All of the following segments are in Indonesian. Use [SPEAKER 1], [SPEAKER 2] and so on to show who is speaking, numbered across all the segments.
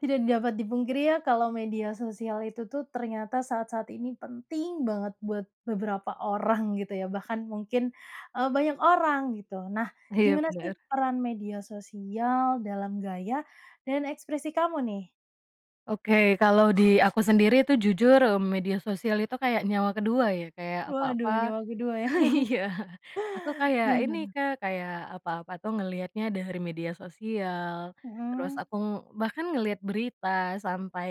[SPEAKER 1] Tidak dapat dipungkiri ya, kalau media sosial itu tuh ternyata saat-saat ini penting banget buat beberapa orang gitu ya bahkan mungkin, eee, banyak orang gitu nah,
[SPEAKER 2] Iya,
[SPEAKER 1] gimana sih
[SPEAKER 2] bener.
[SPEAKER 1] peran media sosial dalam gaya, dan ekspresi kamu, nih?
[SPEAKER 2] Oke kalau di aku sendiri tuh jujur, eee, media sosial itu kayak nyawa kedua ya, kayak apa-apa
[SPEAKER 1] Waduh nyawa kedua ya?
[SPEAKER 2] iya. Aku kayak
[SPEAKER 1] Gimana,
[SPEAKER 2] ini
[SPEAKER 1] tuh?
[SPEAKER 2] Kak kayak apa-apa tuh ngelihatnya dari media sosial, terus
[SPEAKER 1] Mhm.
[SPEAKER 2] aku bahkan ngelihat berita sampai,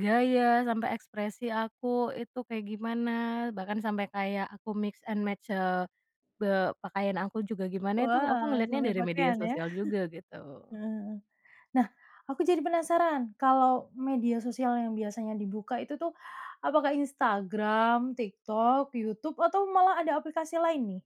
[SPEAKER 2] gaya sampai ekspresi aku itu kayak gimana bahkan sampai kayak aku mix and match, eee, be pakaian aku juga gimana, itu aku
[SPEAKER 1] Wah
[SPEAKER 2] ngeliatnya
[SPEAKER 1] sampai
[SPEAKER 2] dari media
[SPEAKER 1] pakaian ya?
[SPEAKER 2] sosial juga, gitu.
[SPEAKER 1] Heeh heeh. Nah, aku jadi penasaran kalau media sosial yang biasanya dibuka itu tuh, apakah Instagram, TikTok, YouTube atau malah ada aplikasi lain nih?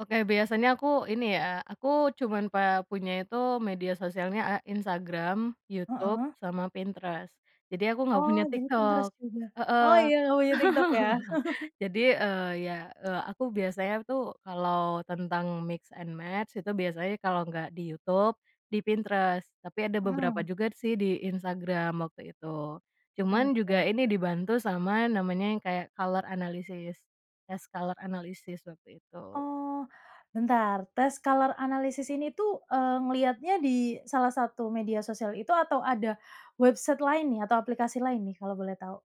[SPEAKER 2] Oke biasanya aku ini ya, aku cuman pe punya itu media sosialnya, eee, Instagram, YouTube
[SPEAKER 1] Heeh.
[SPEAKER 2] sama Pinterest. Jadi aku nggak
[SPEAKER 1] Oh
[SPEAKER 2] punya
[SPEAKER 1] jadi Pinterest
[SPEAKER 2] TikTok.
[SPEAKER 1] juga. Oh
[SPEAKER 2] Heeh.
[SPEAKER 1] ya oh ya TikTok ya?
[SPEAKER 2] Jadi, eee, ya, eee, aku biasanya tuh kalau tentang mix and match itu biasanya kalau nggak di YouTube, di Pinterest. Tapi ada beberapa
[SPEAKER 1] Mhm.
[SPEAKER 2] juga sih di Instagram waktu itu. Cuman juga
[SPEAKER 1] Oke.
[SPEAKER 2] ini dibantu sama namanya yang kayak color analysis, tes color analysis waktu itu.
[SPEAKER 1] Oh, bentar tes color analysis ini tuh, eee, ngeliatnya di salah satu media sosial itu atau ada website lain nih atau aplikasi lain nih? Kalau boleh tahu.